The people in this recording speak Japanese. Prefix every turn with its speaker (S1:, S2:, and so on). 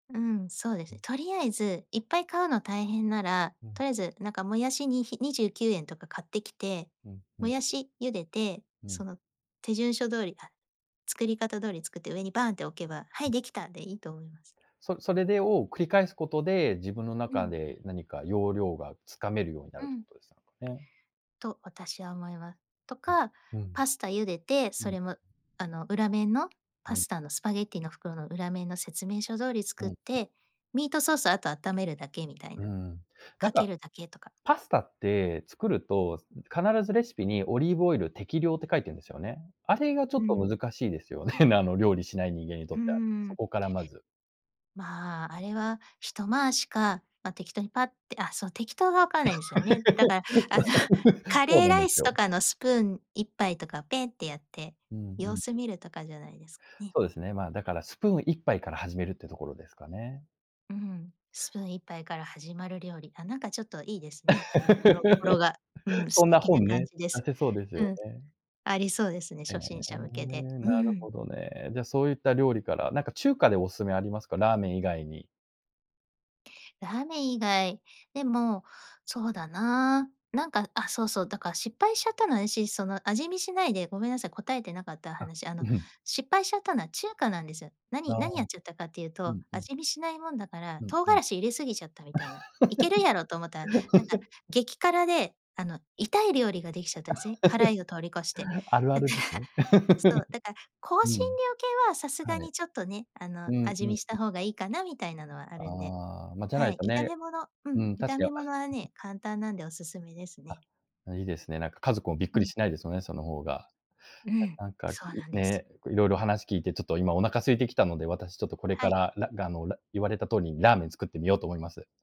S1: うん、そうですね。とりあえず、いっぱい買うの大変なら、
S2: うん。
S1: とりあえずなんかもやしに、ひ29円とか買ってきて、
S2: うん、ふ
S1: も
S2: ん。
S1: やし茹でて、
S2: うん。
S1: その手順書通り、あ、作り方通り作って上にバーンって置けば、「はい、できた」でいいと思います。
S2: そそれでを、繰り返すことで、自分の
S1: う
S2: 中
S1: ん。
S2: で何か要領が掴めるようにな
S1: う
S2: るって
S1: ん。
S2: ことでしたかね。
S1: と私は思いまと
S2: え、
S1: か、
S2: うん。
S1: パスタ茹でて、
S2: う
S1: そ
S2: ん。
S1: れもあの、裏面の
S2: う
S1: パ
S2: ん。
S1: スタのスパゲティーの袋の裏面の説明書通り
S2: う
S1: 作
S2: ん
S1: っ
S2: うん。
S1: て、ミートソースあと温めるだけみたい
S2: うー
S1: な。
S2: ん。なん
S1: かけ
S2: か、
S1: るだけとか。
S2: パスタって作ると、すん、必ずレシピにオリーブオイル適量って書いてんですよね。あれがちょ
S1: う
S2: っと
S1: ん。
S2: 難しいですよね、なあの、料理しない人間にと
S1: うー
S2: っては、そ
S1: ん。
S2: こからまず
S1: まあ、あれは一回しか、ま、適当にパッって、あ、そう適当がわからないんですよね。だからあの カ
S2: そう
S1: レー
S2: なん
S1: ラ
S2: で
S1: イ
S2: す
S1: ス
S2: よ。
S1: とかのスプーン一杯とかペンってやって、
S2: うんう
S1: 様
S2: ん。
S1: 子見るとかじゃないですかね。
S2: そうですね。まあ、だからスプーン一杯から始めるってところですかね。
S1: うん、スプーン一杯から始まる料理、あ、なんかちょっといいですね。語呂語呂が、う ん、
S2: そ
S1: 素
S2: んな
S1: 敵な
S2: 本
S1: 感
S2: ね、
S1: じで
S2: 出
S1: す。
S2: せそうです
S1: う
S2: よ
S1: ん、
S2: ね。
S1: ありそうですね、
S2: へえ、
S1: 初心者向けで。う
S2: なるほ
S1: ん。
S2: どね。じゃ、そういった料理から、なんか中華でお勧めありますか？ラーメン以外に。
S1: ラーメン以外、でも、そうだな、なんかあ、そうそう、だから失敗しちゃったのは私、その味見しないで、ごめんなさい、答えてなかった
S2: あ、
S1: 話、あ
S2: う
S1: の
S2: ふん。
S1: 失敗しちゃったのは中華なんですよ。
S2: あ
S1: 何
S2: あ。
S1: 何やっちゃったかっていう
S2: う
S1: と、
S2: んうん、う
S1: 味見しないもんだから、
S2: うん
S1: 唐
S2: う
S1: 辛
S2: ん。
S1: 子入れすぎちゃったみたいな。いけるやろと思ったら、なんか 激辛であの、痛い料理ができちゃったんせ。辛いを通り越して。
S2: あるあ
S1: だか
S2: るです
S1: ら、
S2: ね。
S1: そ う、だから、香
S2: う
S1: 辛
S2: ん。
S1: 料系はさすが
S2: は
S1: に
S2: い。
S1: ちょっとね、あの、
S2: うん
S1: 味
S2: う
S1: 見
S2: ん、。
S1: した 方がいいかなみたいなのはあるんで、
S2: ああ、ま、じゃな
S1: は
S2: い
S1: い、
S2: と
S1: 炒
S2: ね。
S1: め物うん、
S2: うん、確
S1: 炒め
S2: か。
S1: 物は ね、簡単なんでおすすめです
S2: あ、
S1: ね。
S2: あ、いいですね。なんか家族もびっ
S1: う
S2: くり
S1: ん。
S2: しないですよね、その方が。
S1: うん、
S2: たなんか、
S1: そう
S2: い
S1: なんです。
S2: ね、結構いろいろ話聞いてちょっと今お腹空いてきたので、私ちょっとこれ
S1: は
S2: か
S1: い。
S2: ら、らがのラ言われた通りにラーメン作ってみようと思います。